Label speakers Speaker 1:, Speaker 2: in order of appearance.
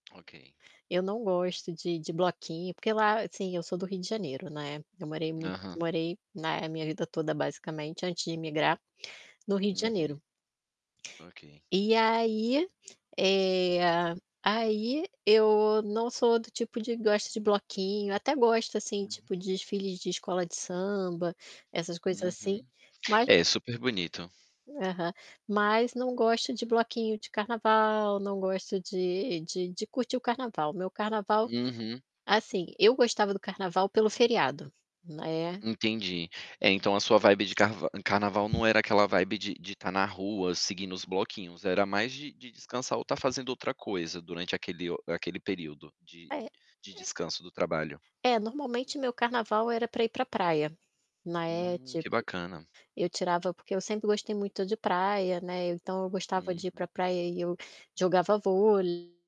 Speaker 1: Ok.
Speaker 2: Eu não gosto de de bloquinho porque lá, assim, eu sou do Rio de Janeiro, né. Eu morei muito
Speaker 1: Aham.
Speaker 2: morei na minha vida toda basicamente antes de imigrar, no Rio de
Speaker 1: Uhum.
Speaker 2: Janeiro.
Speaker 1: Ok.
Speaker 2: E aí, eh, aí eu não sou do tipo de gosta de bloquinho, até gosto assim
Speaker 1: Hum.
Speaker 2: tipo de desfile de escola de samba, essas coisas assim,
Speaker 1: Uhum.
Speaker 2: mas
Speaker 1: É, superbonito.
Speaker 2: Aham. Mas não gosto de bloquinho de carnaval, não gosto de de de curtir o carnaval. Meu carnaval,
Speaker 1: Uhum.
Speaker 2: assim, eu gostava do carnaval pelo feriado, né.
Speaker 1: Entendi. É, então a sua vibe de carva em carnaval não era aquela vibe de de estar na rua, seguindo os bloquinhos, era mais de de descansar ou estar fazendo outra coisa durante aquele o aquele período de
Speaker 2: É, é
Speaker 1: de descanso do trabalho?
Speaker 2: É, normalmente meu carnaval era para ir para praia, né.
Speaker 1: Hum, que
Speaker 2: Tipo,
Speaker 1: bacana.
Speaker 2: eu tirava porque eu sempre gostei muito de praia, né, então eu gostava de ir para
Speaker 1: Uhum.
Speaker 2: praia e eu jogava vôlei